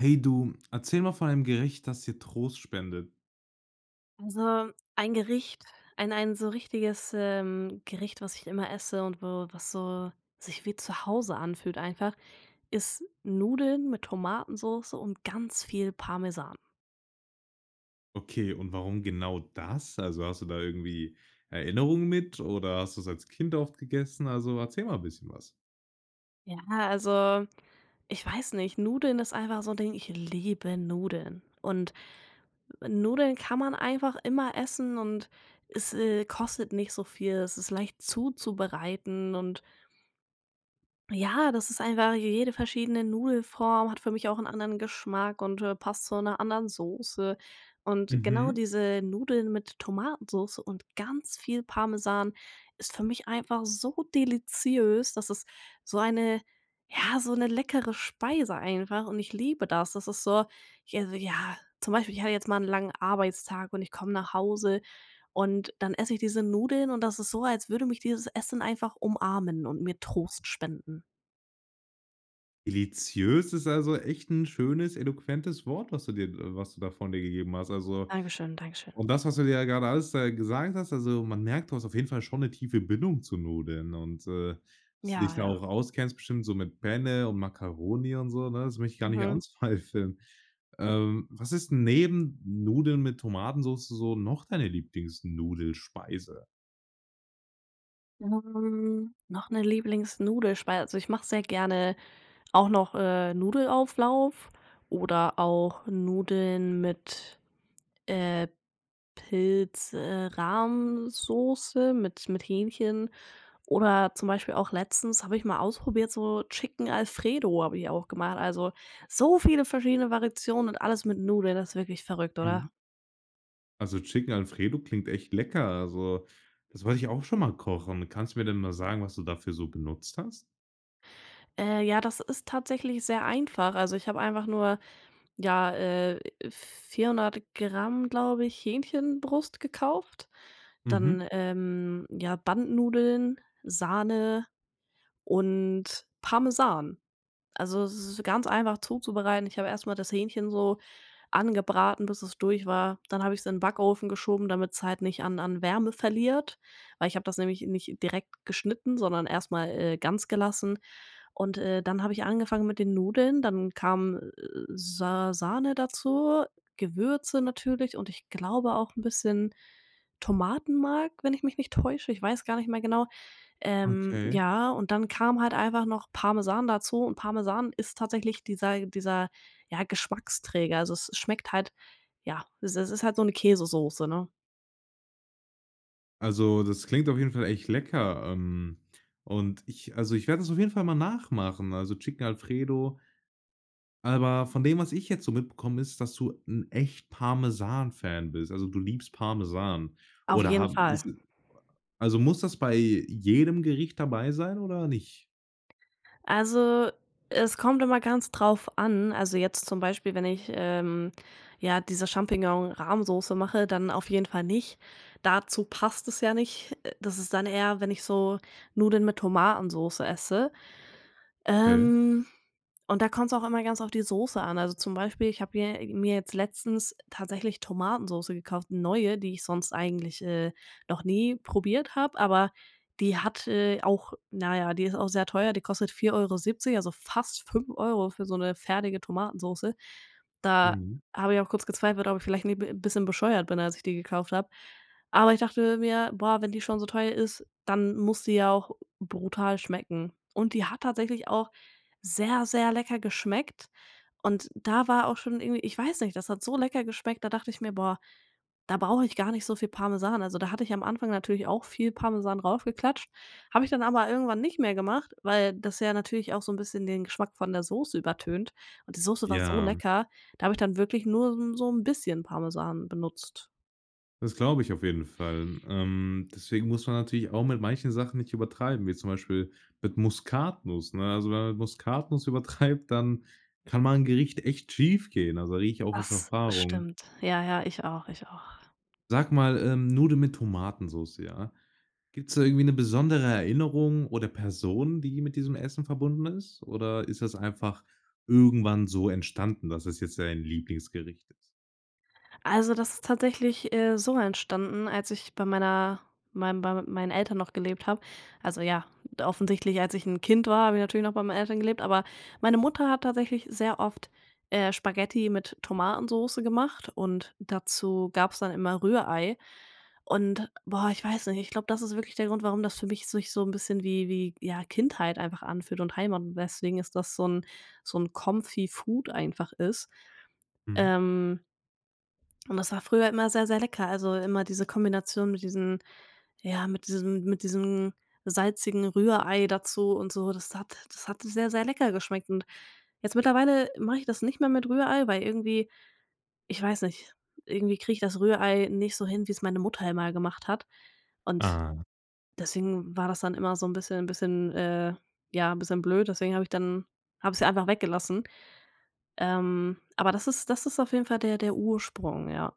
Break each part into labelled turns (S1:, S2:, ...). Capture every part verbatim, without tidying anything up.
S1: Hey du, erzähle mal von einem Gericht, das dir Trost spendet.
S2: Also, ein Gericht ein ein so richtiges, ähm, Gericht, was ich immer esse und wo was so sich wie zu Hause anfühlt einfach, ist Nudeln mit Tomatensoße und ganz viel Parmesan.
S1: Okay, und warum genau das? Also, hast du da irgendwie Erinnerungen mit oder hast du's als Kind oft gegessen? Also, erzähl mal bisschen was.
S2: Ja, also, ich weiß nicht. Nudeln ist einfach so 'n Ding, ich liebe Nudeln. Und Nudeln kann man einfach immer essen und es, äh, kostet nicht so viel, es ist leicht zuzubereiten und ja, das ist einfach je jede verschiedene Nudelform, hat für mich auch 'n anderen Geschmack und, äh, passt zu 'ner anderen Soße. Und genau
S1: Mhm.
S2: diese Nudeln mit Tomatensoße und ganz viel Parmesan ist für mich einfach so deliziös, das ist so eine ja, so 'ne leckere Speise einfach und ich liebe das. Das ist so, [unintelligible] ja, zum Beispiel ich hatte jetzt mal 'n langen Arbeitstag und ich komme nach Hause und dann esse ich diese Nudeln und das ist so, als würde mich dieses Essen einfach umarmen und mir Trost spenden.
S1: Deliziös ist, also, echt 'n schönes, eloquentes Wort, was du dir was du da von dir gegeben hast. Also
S2: Dankeschön, dankeschön.
S1: und das, was du mir ja grade alles gesagt hast, also, man merkt, du hast auf jeden Fall schon 'ne tiefe Bindung zu Nudeln. Und, äh, dass du dich
S2: Ja,
S1: da auch
S2: ja.
S1: auskennst bestimmt so mit Penne und Makkaroni und so, ne? Das möchte ich gar nicht
S2: Mhm.
S1: anzweifeln. Ähm, was ist 'n neben Nudeln mit Tomatensoße noch deine Lieblings-Nudelspeise?
S2: Hm, noch 'ne Lieblings-Nudelspeise, also, ich mache sehr gerne auch noch, äh, Nudelauflauf oder auch Nudeln mit, äh, Pilz, äh, Rahmsoße, mit mit Hähnchen oder zum Beispiel auch letztens habe ich mal ausprobiert, so, Chicken Alfredo habe ich auch gemacht. Also, so viele verschiedene Variationen und alles mit Nudeln, das ist wirklich verrückt,
S1: Mhm.
S2: oder?
S1: Also, Chicken Alfredo klingt echt lecker. Also, das wollte ich auch schon mal kochen. Kannst du mir denn mal sagen, was du dafür so benutzt hast?
S2: Äh, ja, das ist tatsächlich sehr einfach. Also, ich habe einfach nur, ja, äh, vierhundert Gramm, glaube ich, Hähnchenbrust gekauft.
S1: Mhm.
S2: Dann, ähm, ja, Bandnudeln, Sahne und Parmesan. Also, es ist ganz einfach, zuzubereiten. Ich habe erst mal das Hähnchen so angebraten, bis es durch war. Dann habe ich's in Backofen geschoben, damit's halt nicht an an Wärme verliert. Weil ich habe das nämlich nicht direkt geschnitten, sondern erst mal, äh, ganz gelassen. Und, äh, dann habe ich angefangen mit den Nudeln. Dann kam, äh, Sa Sahne dazu, Gewürze natürlich und ich glaube auch 'n bisschen Tomatenmark, wenn ich mich nicht täusche. Ich weiß gar nicht mehr genau. Ähm,
S1: Okay.
S2: ja und dann kam halt einfach noch Parmesan dazu und Parmesan ist tatsächlich dieser dieser, ja, Geschmacksträger. Also, es es schmeckt halt ja, es ist ist halt so 'ne Käsesoße, ne?
S1: Also, das klingt auf jeden Fall echt lecker, ähm, und ich also, ich werde das auf jeden Fall mal nachmachen, also, Chicken Alfredo. Aber von dem, was ich jetzt so mitbekomme ist, dass du 'n echt Parmesan Fan bist, also, du liebst Parmesan.
S2: Auf
S1: Oder
S2: jeden
S1: ha ist
S2: Fall.
S1: e also, muss das bei jedem Gericht dabei sein oder nicht?
S2: Also, es kommt immer ganz drauf an. Also, jetzt zum Beispiel wenn ich, ähm, ja diese Champignon-Rahmsoße mache, dann auf jeden Fall nicht. Dazu passt es ja nicht. Äh, das ist dann eher, wenn ich so Nudeln mit Tomatensoße esse.
S1: Okay.
S2: Ähm, und da kommt's auch immer ganz auf die Soße an. Also, zum Beispiel, ich habe hier mir jetzt letztens tatsächlich Tomatensoße gekauft, neue, die ich sonst eigentlich, äh, noch nie probiert habe. Aber die hat, äh, auch na ja, die ist auch sehr teuer. Die kostet vier Euro siebzig, also, fast fünf Euro für so 'ne fertige Tomatensoße. Da
S1: Mhm.
S2: habe ich auch kurz gezweifelt, ob ich vielleicht ni b bisschen bescheuert bin, als ich die gekauft habe. Aber ich dachte mir: „Boah, wenn die schon so teuer ist, dann muss die ja auch brutal schmecken.“ Und die hat tatsächlich auch sehr, sehr lecker geschmeckt. Und da war auch schon irgendwie ich weiß nicht, das hat so lecker geschmeckt, da dachte ich mir: „Boah, da brauche ich gar nicht so viel Parmesan.“ Also, da hatte ich am Anfang natürlich auch viel Parmesan raufgeklatscht. Habe ich dann aber irgendwann nicht mehr gemacht, weil das ja natürlich auch so 'n bisschen den Geschmack von der Soße übertönt. Und die Soße war so
S1: Ja.
S2: lecker, da habe ich dann wirklich nur so 'n so 'n bisschen Parmesan benutzt.
S1: Das glaube ich auf jeden Fall. Ähm deswegen muss man natürlich auch mit manchen Sachen nicht übertreiben, wie zum Beispiel mit Muskatnuss, ne? Also, wenn man Muskatnuss übertreibt, dann kann mal 'n Gericht echt schiefgehen. Also, da rede ich auch aus
S2: Das
S1: Erfahrung.
S2: stimmt. Ja ja, ich auch, ich auch.
S1: Sag mal, ähm, Nudeln mit Tomatensoße, ja? Gibt es da irgendwie 'ne besondere Erinnerung oder Person, die mit diesem Essen verbunden ist? Oder ist das einfach irgendwann so entstanden, dass es jetzt dein Lieblingsgericht ist?
S2: Also, das ist tatsächlich, äh, so entstanden, als ich bei meiner meinem bei mit meinen Eltern noch gelebt habe. Also, ja, offensichtlich als ich 'n Kind war, habe ich natürlich noch bei meinen Eltern gelebt, aber meine Mutter hat tatsächlich sehr oft, äh, Spaghetti mit Tomatensoße gemacht und dazu gab es dann immer Rührei und, boah, ich weiß nicht, ich glaube, das ist wirklich der Grund, warum das für mich sich so 'n bisschen wie wie ja Kindheit einfach anfühlt und Heimat und deswegen ist das so 'n so 'n Comfy-Food einfach ist.
S1: Mhm.
S2: Ähm und das war früher immer sehr, sehr lecker, also, immer diese Kombination mit diesen ja, mit diesem mit diesem salzigen Rührei dazu und so, das hat das hat sehr, sehr lecker geschmeckt und jetzt mittlerweile mache ich das nicht mehr mit Rührei, weil irgendwie ich weiß nicht, irgendwie kriege ich das Rührei nicht so hin, wie es meine Mutter immer gemacht hat und
S1: Ah.
S2: deswegen war das dann immer so 'n bisschen bisschen, äh, ja 'n bisschen blöd, deswegen habe ich dann habe sie ja einfach weggelassen. Ähm, aber das ist das ist auf jeden Fall der der Ursprung, ja.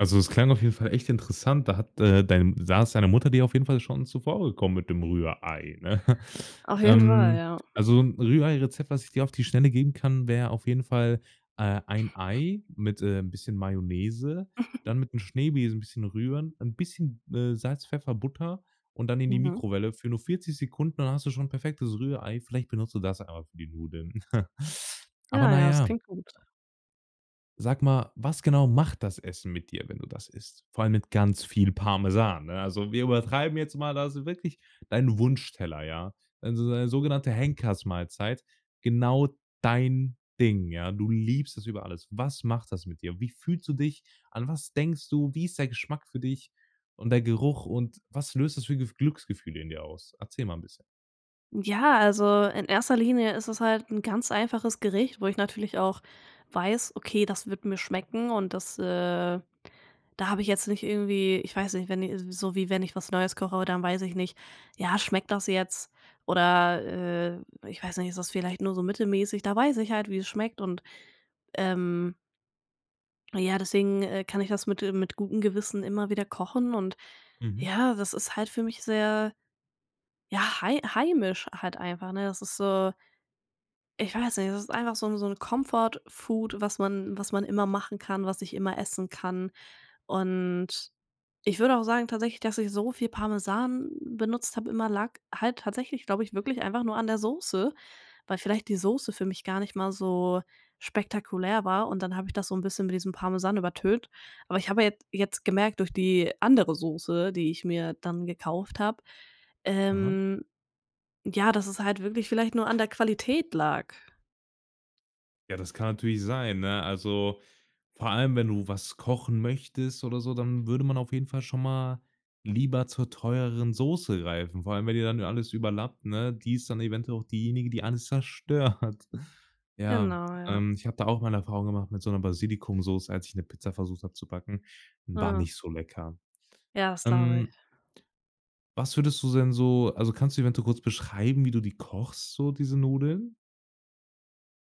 S1: Also, es klang auf jeden Fall echt interessant. Da hat, äh, dein da ist deine Mutter dir auf jeden Fall schon zuvor gekommen mit dem Rührei, ne?
S2: Auf jeden Fall,
S1: Ähm,
S2: ja.
S1: also, 'n Rühreirezept, was ich dir auf die Schnelle geben kann, wär auf jeden Fall, äh, ein Ei mit, äh, 'n bisschen Mayonnaise, dann mit 'n Schneebesen 'n bisschen rühren, 'n bisschen, äh, Salz, Pfeffer, Butter und dann in die
S2: Mhm.
S1: Mikrowelle für nur vierzig Sekunden, dann hast du schon 'n perfektes Rührei. Vielleicht benutzt du das einfach für die Nudeln. Aber,
S2: Ah,
S1: na
S2: ja. Das
S1: ja
S2: klingt gut.
S1: Sag mal, was genau macht das Essen mit dir, wenn du das isst? Vor allem mit ganz viel Parmesan, ne? Also, wir übertreiben jetzt mal, also, wirklich dein Wunschteller, ja? Also, so eine sogenannte Henkersmahlzeit, genau dein Ding, ja? Du liebst es über alles. Was macht das mit dir? Wie fühlst du dich? An was denkst du? Wie ist der Geschmack für dich und der Geruch? Und was löst das für Gefü Glücksgefühle in dir aus? Erzähle mal 'n bisschen.
S2: Ja, also, in erster Linie ist es halt 'n ganz einfaches Gericht, wo ich natürlich auch weiß: „Okay, das wird mir schmecken“ und das, äh da habe ich jetzt nicht irgendwie ich weiß nicht, wenn i so wie wenn ich was Neues koche, dann weiß ich nicht, ja, schmeckt das jetzt. Oder, äh, ich weiß nicht, es ist vielleicht nur so mittelmäßig. Da weiß ich halt, wie es schmeckt und ähm ja, deswegen, äh, kann ich das mit, äh mit gutem Gewissen immer wieder kochen und
S1: Mhm.
S2: ja, das ist halt für mich sehr, ja, hei heimisch halt einfach, ne? Das ist so ich weiß nicht, das ist einfach so 'n so 'n Comfort-Food, was man was man immer machen kann, was ich immer essen kann. Und ich würde auch sagen tatsächlich, dass ich so viel Parmesan benutzt habe immer, lag halt tatsächlich, glaube ich, wirklich einfach nur an der Soße, weil vielleicht die Soße für mich gar nicht mal so spektakulär war. Und dann habe ich das so 'n bisschen mit diesem Parmesan übertönt. Aber ich habe ja jet jetzt gemerkt durch die andere Soße, die ich mir dann gekauft habe,
S1: Aha.
S2: ähm, ja, das es halt wirklich vielleicht nur an der Qualität lag.
S1: Ja, das kann natürlich sein, ne? Also, vor allem, wenn du was kochen möchtest oder so, dann würde man auf jeden Fall schon mal lieber zur teureren Soße greifen. Vor allem, wenn die dann alles überlappt, ne? Die ist dann eventuell auch diejenige, die alles zerstört. Ja,
S2: Genau, ja.
S1: ähm, ich habe da auch mal 'ne Erfahrung gemacht mit so 'ner Basilikumsoße, als ich 'ne Pizza versucht habe zu backen, war
S2: Mhm.
S1: nicht so lecker.
S2: Ja, das glaube
S1: Ähm
S2: ich.
S1: was würdest du denn so also, kannst du eventuell kurz beschreiben, wie du die kochst, so diese Nudeln?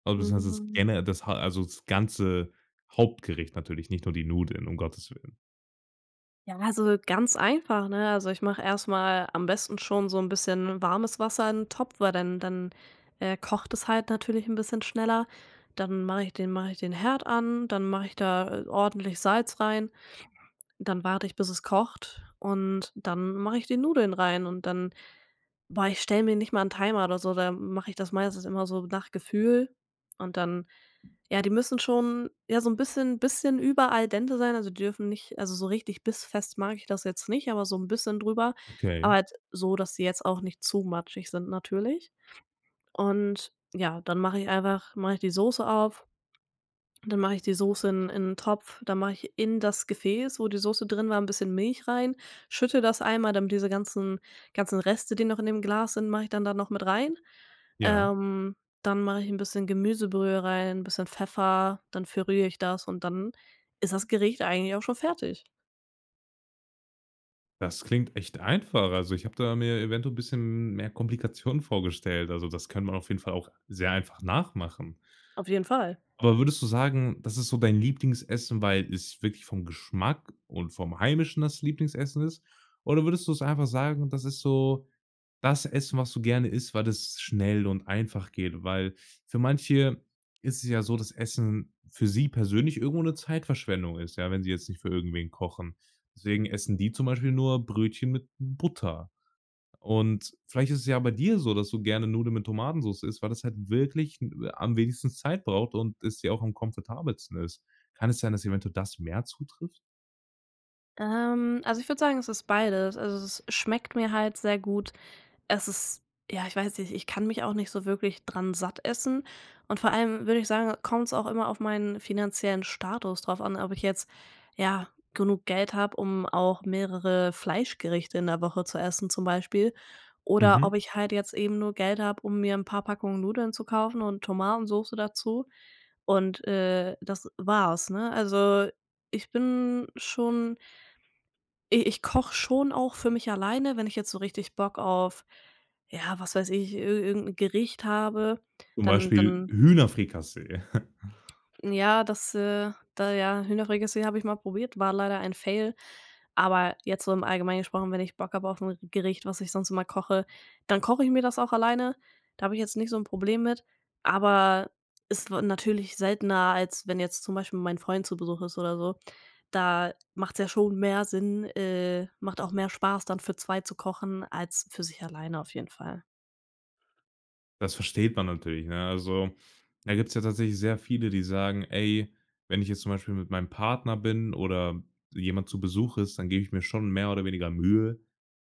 S1: Also beziehungsweise das
S2: Mhm.
S1: gene das ha also, das ganze Hauptgericht natürlich, nicht nur die Nudeln, um Gottes Willen.
S2: Ja, also, ganz einfach, ne? Also, ich mache erst mal am besten schon so 'n bisschen warmes Wasser in 'n Topf weil dann dann, äh, kocht es halt natürlich 'n bisschen schneller. Dann mache ich den mache ich den Herd an, dann mache ich da, äh, ordentlich Salz rein. Dann warte ich bis es kocht und dann mache ich die Nudeln rein und dann boah, ich stelle mir nicht mal 'n Timer oder so, da mache ich das meistens immer so nach Gefühl. Und dann ja, die müssen schon ja so 'n bisschen bisschen über al dente sein, also, die dürfen nicht also, so richtig bissfest mag ich das jetzt nicht, aber so 'n bisschen drüber,
S1: Okay.
S2: aber halt so, dass sie jetzt auch nicht zu matschig sind natürlich. Und, ja, dann mache ich einfach mache ich die Soße auf, dann mache ich die Soße in in 'n Topf, dann mache ich in das Gefäß, wo die Soße drin war, 'n bisschen Milch rein, schüttle das einmal, damit diese ganzen ganzen Reste, die noch in dem Glas sind, mache ich dann da noch mit rein.
S1: Ja.
S2: Ähm, dann mache ich 'n bisschen Gemüsebrühe rein, bisschen Pfeffer, dann verrühre ich das und dann ist das Gericht eigentlich auch schon fertig.
S1: Das klingt echt einfach. Also, ich habe da mir eventuell bisschen mehr Komplikationen vorgestellt. Also, das kann man auf jeden Fall auch sehr einfach nachmachen.
S2: Auf jeden Fall.
S1: Aber würdest du sagen, das ist so dein Lieblingsessen, weil es wirklich vom Geschmack und vom heimischen das Lieblingsessen ist? Oder würdest du es einfach sagen, das ist so das Essen, was du gerne isst, weil es schnell und einfach geht? Weil für manche ist es ja so, dass Essen für sie persönlich irgendwo 'ne Zeitverschwendung ist, ja, wenn sie jetzt nicht für irgendwen kochen. Deswegen essen die zum Beispiel nur Brötchen mit Butter und vielleicht ist es ja bei dir so, dass du gerne Nudeln mit Tomatensoße isst, weil das halt wirklich, äh, am wenigsten Zeit braucht und es ja auch am komfortabelsten ist. Kann es sein, dass eventuell das mehr zutrifft?
S2: Ähm, also, ich würde sagen, es ist beides. Also, es schmeckt mir halt sehr gut. Es ist ja, ich weiß nicht, ich kann mich auch nicht so wirklich dran satt essen und vor allem würde ich sagen, kommt's auch immer auf meinen finanziellen Status drauf an, ob ich jetzt ja genug Geld habe, um auch mehrere Fleischgerichte in der Woche zu essen zum Beispiel oder
S1: Mhm.
S2: ob ich halt jetzt eben nur Geld habe, um mir 'n paar Packungen Nudeln zu kaufen und Tomatensoße dazu und, äh, das war's, ne? Also, ich bin schon i ich koche schon auch für mich alleine, wenn ich jetzt so richtig Bock auf, ja, was weiß ich, i irgend 'n Gericht habe,
S1: Zum
S2: dann
S1: Beispiel,
S2: dann
S1: Hühnerfrikassee.
S2: Ja, das äh, da ja, Hühnerfrikassee habe ich mal probiert, war leider ein Fail, aber jetzt so im Allgemeinen gesprochen, wenn ich Bock habe aufm Gericht, was ich sonst immer koche, dann koche ich mir das auch alleine. Da habe ich jetzt nicht so 'n Problem mit, aber ist natürlich seltener, als wenn jetzt zum Beispiel mein Freund zu Besuch ist oder so. Da macht's ja schon mehr Sinn äh, macht auch mehr Spaß dann für zwei zu kochen als für sich alleine auf jeden Fall.
S1: Das versteht man natürlich, ne? Also, da gibt's ja tatsächlich sehr viele, die sagen: „Ey, wenn ich jetzt zum Beispiel mit meinem Partner bin oder jemand zu Besuch ist, dann gebe ich mir schon mehr oder weniger Mühe,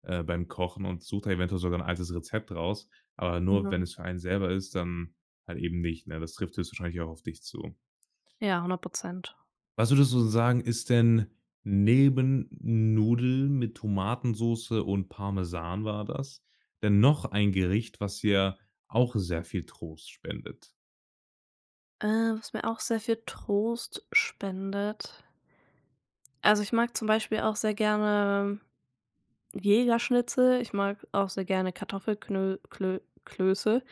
S1: äh, beim Kochen und suche da eventuell sogar 'n altes Rezept raus." Aber nur,
S2: Ja.
S1: wenn es für einen selber ist, dann halt eben nicht, ne? Das trifft jetzt wahrscheinlich auch auf dich zu.
S2: Ja, hundert Prozent.
S1: Was würdest du sagen, ist denn neben Nudeln mit Tomatensoße und Parmesan war das, denn noch ein Gericht, was dir auch sehr viel Trost spendet?
S2: Äh, was mir auch sehr viel Trost spendet. Also, ich mag zum Beispiel auch sehr gerne Jägerschnitzel, ich mag auch sehr gerne Kartoffelknöl Klö Klöße.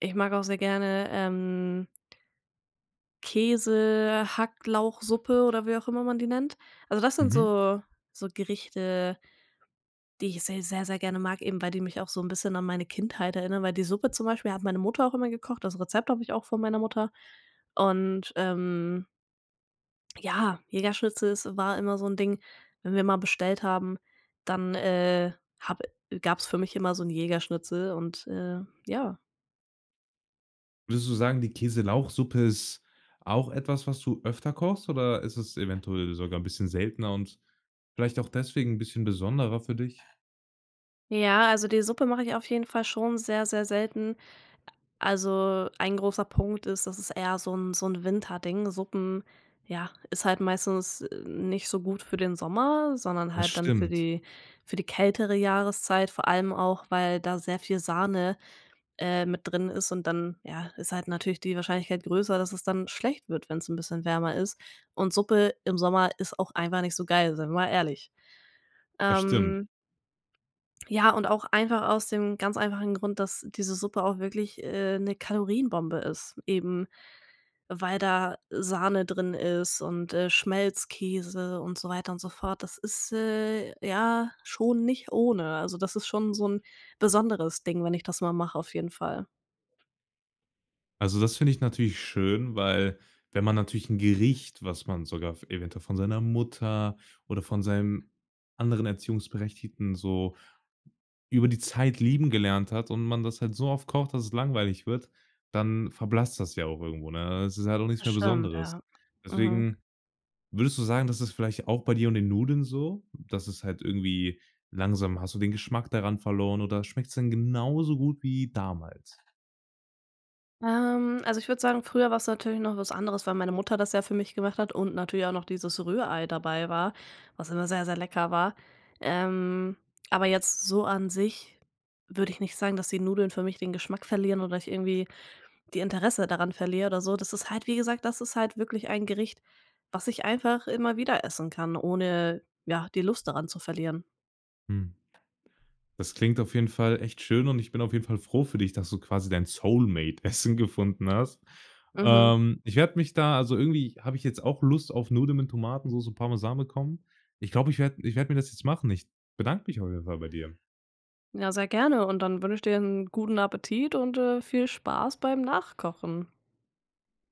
S2: Ich mag auch sehr gerne, ähm Käsehacklauchsuppe oder wie auch immer man die nennt. Also, das sind
S1: Mhm.
S2: so so Gerichte die ich sehr, sehr, sehr gerne mag, eben weil die mich so 'n bisschen an meine Kindheit erinnern, weil die Suppe zum Beispiel hat meine Mutter auch immer gekocht. Das Rezept habe ich auch von meiner Mutter. Und, ähm ja, Jägerschnitzel, ist war immer so 'n Ding, wenn wir mal bestellt haben, dann, äh, habe gab's für mich immer so 'n Jägerschnitzel und, äh, ja.
S1: Würdest du sagen, die Käse-Lauchsuppe ist auch etwas, was du öfter kochst? Oder ist es eventuell sogar 'n bisschen seltener und vielleicht auch deswegen 'n bisschen besonderer für dich?
S2: Ja, also, die Suppe mache ich auf jeden Fall schon sehr, sehr selten. A also, ein großer Punkt ist, dass es eher so 'n so 'n Winterding, Suppen, ja, ist halt meistens, äh, nicht so gut für den Sommer, sondern
S1: Das
S2: halt dann für
S1: stimmt.
S2: die für die kältere Jahreszeit, vor allem auch, weil da sehr viel Sahne, äh, mit drin ist und dann ja, ist halt natürlich die Wahrscheinlichkeit größer, dass es dann schlecht wird, wenn's 'n bisschen wärmer ist. Und Suppe im Sommer ist auch einfach nicht so geil, sein wir mal ehrlich,
S1: Das stimmt.
S2: ähm. Ja, und auch einfach aus dem ganz einfachen Grund, dass diese Suppe auch wirklich, äh, 'ne Kalorienbombe ist, eben weil da Sahne drin ist und, äh, Schmelzkäse und so weiter und so fort. Das ist, äh, ja schon nicht ohne. Also, das ist schon so 'n besonderes Ding, wenn ich das mal mache auf jeden Fall.
S1: Also, das finde ich natürlich schön, weil wenn man natürlich 'n Gericht, was man sogar f eventuell von seiner Mutter oder von seinem anderen Erziehungsberechtigten so über die Zeit lieben gelernt hat und man das halt so oft kocht, dass es langweilig wird, dann verblasst das ja auch irgendwo, ne? Es ist halt auch nichts
S2: Das
S1: mehr
S2: stimmt
S1: Besonderes.
S2: ja. Mhm.
S1: Deswegen würdest du sagen, das ist vielleicht auch bei dir und den Nudeln so, dass es halt irgendwie langsam, hast du den Geschmack daran verloren oder schmeckt es denn genauso gut wie damals?
S2: Ähm, also, ich würde sagen, früher war es natürlich noch was anderes, weil meine Mutter das ja für mich gemacht hat und natürlich auch noch dieses Rührei dabei war, was immer sehr, sehr lecker war. Ähm, aber jetzt so an sich würde ich nicht sagen, dass die Nudeln für mich den Geschmack verlieren oder ich irgendwie die Interesse daran verliere oder so. Das ist halt wie gesagt, das ist halt wirklich ein Gericht, was ich einfach immer wieder essen kann, ohne, ja, die Lust daran zu verlieren.
S1: Hm. Das klingt auf jeden Fall echt schön und ich bin auf jeden Fall froh für dich, dass du quasi dein Soulmate Essen gefunden hast.
S2: Mhm.
S1: Ähm, ich werde mich da also, irgendwie habe ich jetzt auch Lust auf Nudeln mit Tomatensoße und Parmesan bekommen. Ich glaube, ich werde ich werde mir das jetzt machen. Ich bedanke mich auf jeden Fall bei dir.
S2: Ja sehr gerne und dann wünsche ich dir 'n guten Appetit und, äh, viel Spaß beim Nachkochen.